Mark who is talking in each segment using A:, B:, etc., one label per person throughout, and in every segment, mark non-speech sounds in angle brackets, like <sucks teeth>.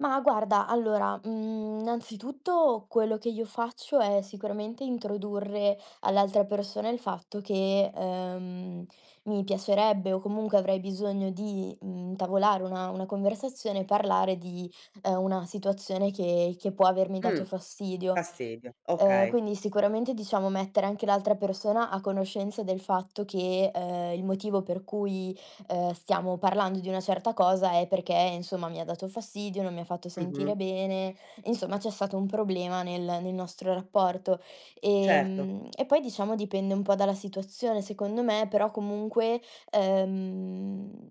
A: Ma guarda allora, mhmm, innanzitutto quello che io faccio è sicuramente introdurre all'altra persona il fatto che, ehm, mi piacerebbe o comunque avrei bisogno di, mhmm, intavolare una una conversazione e parlare di, ehm, una situazione che che può avermi dato
B: Mh,
A: fastidio.
B: fastidio,
A: Ehm,
B: okay.
A: quindi sicuramente diciamo mettere anche l'altra persona a conoscenza del fatto che, ehm, il motivo per cui, ehm, stiamo parlando di una certa cosa è perché, insomma, mi ha dato fastidio, non mi ha fatto sentire
B: Mh-mh.
A: bene, insomma, c'è stato un problema nel nel nostro rapporto.
B: Certo.
A: Ehm, e poi diciamo dipende un po' dalla situazione secondo me, però comunque, ehm,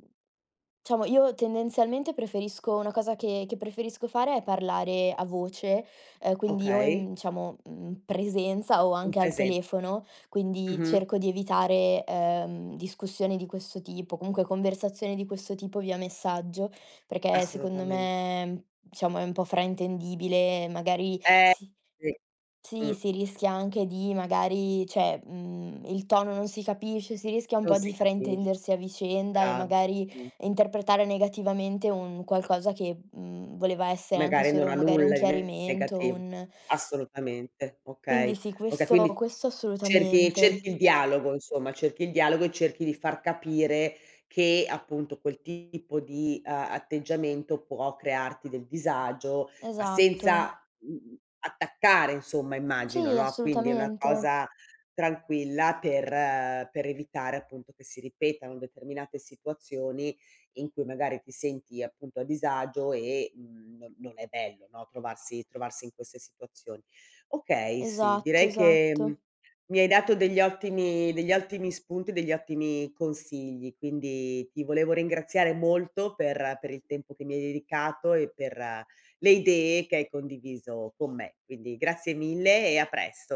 A: diciamo io tendenzialmente preferisco una cosa che che preferisco fare è parlare a voce, ehm, quindi o
B: Okay.
A: in diciamo mhmm, presenza o
B: In
A: anche al
B: presenza.
A: telefono, quindi
B: Mh-mh.
A: cerco di evitare, ehm, discussioni di questo tipo, comunque conversazioni di questo tipo via messaggio, perché secondo
B: Assolutamen
A: me, diciamo è un po' fraintendibile, magari
B: Eh,
A: si
B: sì, mh.
A: sì, si rischia anche di magari, cioè, mhmm, il tono non si capisce, si rischia un
B: Non
A: po'
B: si
A: di
B: capisc
A: fraintendersi a vicenda e
B: brava.
A: magari
B: Mh.
A: interpretare negativamente un qualcosa che, mhmm, voleva essere anche
B: Magari non
A: solo
B: ha
A: magari un
B: nulla di
A: chiarimento,
B: negativo.
A: un <sucks teeth>
B: Assolutamente,
A: Quindi
B: okay
A: sì,
B: okay,
A: questo
B: quindi
A: questo
B: cerchi
A: assolutamente.
B: cerchi il dialogo, insomma, cerchi il dialogo e cerchi di far capire che appunto quel tipo di a atteggiamento può crearti del disagio, ma
A: Esatto.
B: senza, mhmm, attaccare insomma, immagino,
A: Sì,
B: no, quindi è una
A: assolutamente.
B: cosa tranquilla per per evitare appunto che si ripetano determinate situazioni, in cui magari ti senti, appunto, a disagio e, mhmm, no non è bello, no, trovarsi trovarsi in queste situazioni. Okay, sì,
A: Esatto,
B: direi che
A: esatto.
B: mi hai dato degli ottimi degli ottimi spunti, degli ottimi consigli, quindi ti volevo ringraziare molto per per il tempo che mi hai dedicato e per le idee che hai condiviso con me. Quindi, grazie mille e a presto.